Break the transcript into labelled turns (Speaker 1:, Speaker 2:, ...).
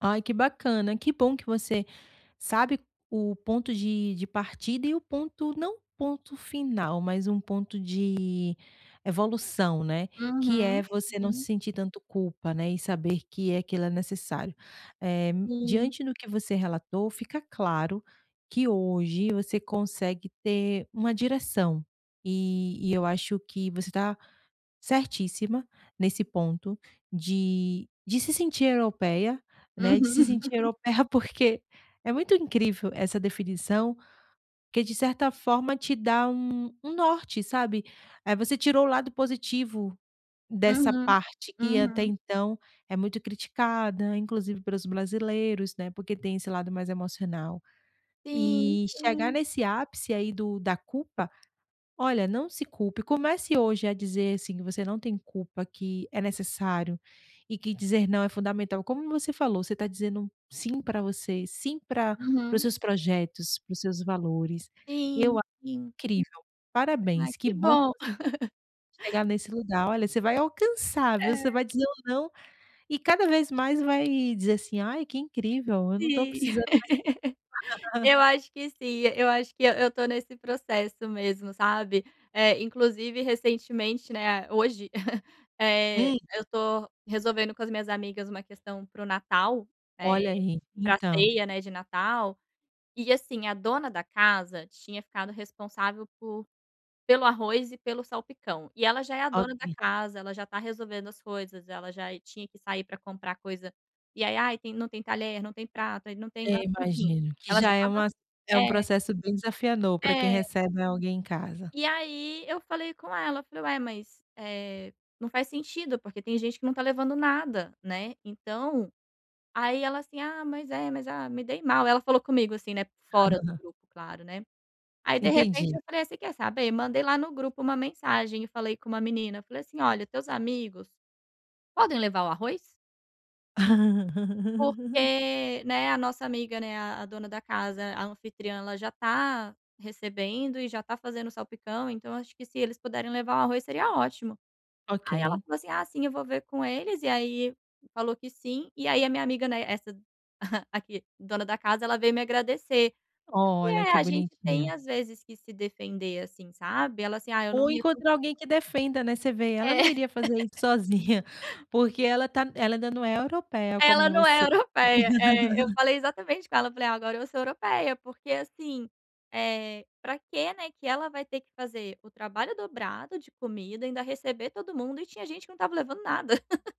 Speaker 1: Ai que bacana, que bom que você sabe o ponto de de partida e o ponto, não ponto final, mas um ponto de evolução, né. Que é
Speaker 2: Uhum,
Speaker 1: você não se
Speaker 2: uhum.
Speaker 1: sentir tanto culpa, né, e saber que aquilo é necessário. Eh,
Speaker 2: Sim.
Speaker 1: diante do que você relatou, fica claro que hoje você consegue ter uma direção. E e eu acho que você tá certíssima nesse ponto de de se sentir europeia, né, de se
Speaker 2: Uhum.
Speaker 1: sentir europeia, porque é muito incrível essa definição, porque de certa forma te dá um um norte, sabe. Eh, você tirou o lado positivo dessa
Speaker 2: Uhum,
Speaker 1: parte que até
Speaker 2: uhum.
Speaker 1: então é muito criticada, inclusive pelos brasileiros, né, porque tem esse lado mais emocional.
Speaker 2: Sim,
Speaker 1: E chegar
Speaker 2: sim.
Speaker 1: nesse ápice aí do da culpa, olha, não se culpe, comece hoje a dizer, assim, que você não tem culpa, que é necessário e que dizer não é fundamental. Como você falou, você tá dizendo sim pra você, sim pra para os
Speaker 2: Uhum.
Speaker 1: seus projetos, para os seus valores, eu
Speaker 2: Sim,
Speaker 1: acho
Speaker 2: sim.
Speaker 1: incrível
Speaker 2: Ai,
Speaker 1: parabéns que
Speaker 2: que
Speaker 1: bom
Speaker 2: bom.
Speaker 1: que você chegar nesse lugar. Olha, você vai alcançar, viu. Você
Speaker 2: É.
Speaker 1: vai dizer um não e cada vez mais vai dizer, assim: "Ai, que incrível eu não tô
Speaker 2: Sim.
Speaker 1: precisando mais"
Speaker 2: Eu acho que sim, acho que eu eu estou nesse processo mesmo, sabe. Eh, inclusive recentemente, né, hoje, eh,
Speaker 1: Hum.
Speaker 2: eu estou resolvendo com as minhas amigas uma questão para o Natal, eh,
Speaker 1: Olha aí,
Speaker 2: pra
Speaker 1: então.
Speaker 2: ceia, né, de Natal, e, assim, a dona da casa tinha ficado responsável por pelo arroz e pelo salpicão. E ela já é a dona da
Speaker 1: Ok.
Speaker 2: casa, ela já tá resolvendo as coisas, ela já tinha que sair pra comprar coisa, e ai: "Ai, tem não tem talher, não tem prato, não tem guar
Speaker 1: É,
Speaker 2: enfim,
Speaker 1: imagino. Que
Speaker 2: ela já
Speaker 1: já é
Speaker 2: estava
Speaker 1: uma, é um
Speaker 2: é."
Speaker 1: processo bem desafiador para quem
Speaker 2: É.
Speaker 1: recebe, né, alguém em casa.
Speaker 2: E aí eu falei com ela, falei: "Ué mas, eh, não faz sentido, porque tem gente que não tá levando nada." Né, então, aí ela assim: "Ah, mas é, mas ah, me dei mal." Ela falou comigo, assim, né fora do grupo, claro, né. Aí, de repente,
Speaker 1: Entendi.
Speaker 2: eu falei: "Você quer saber?" Mandei lá no grupo uma mensagem e falei com uma menina, falei assim: "Olha, teus amigos, podem levar o arroz?" "porque, né, a nossa amiga, né, a a dona da casa, a anfitriã, ela já tá recebendo e já está fazendo salpicão, então acho que se eles puderem levar o arroz, seria ótimo." Aí ela
Speaker 1: Ok.
Speaker 2: falou assim: "Ah, sim eu vou ver com eles." E aí falou que sim, e aí a minha amiga, né, essa a que dona da casa, ela veio me agradecer.
Speaker 1: Olha,
Speaker 2: [unintelligible]
Speaker 1: que
Speaker 2: a gente tem
Speaker 1: bonitinho.
Speaker 2: às vezes que se defender, assim, sabe, ela assim: "Ah eu não
Speaker 1: Ou
Speaker 2: ia con"
Speaker 1: encontrar alguém que defenda, né, você vê, ela
Speaker 2: É.
Speaker 1: não iria fazer isso sozinha, porque ela tá ela não é europeia
Speaker 2: Ela
Speaker 1: como
Speaker 2: não é
Speaker 1: você.
Speaker 2: europeia, eh, eu falei exatamente com ela, falei: "Ah, agora eu sou europeia." Porque, assim, eh, pra que, né, que ela vai ter que fazer o trabalho dobrado de comida e ainda receber todo mundo, e tinha gente que não estava levando nada.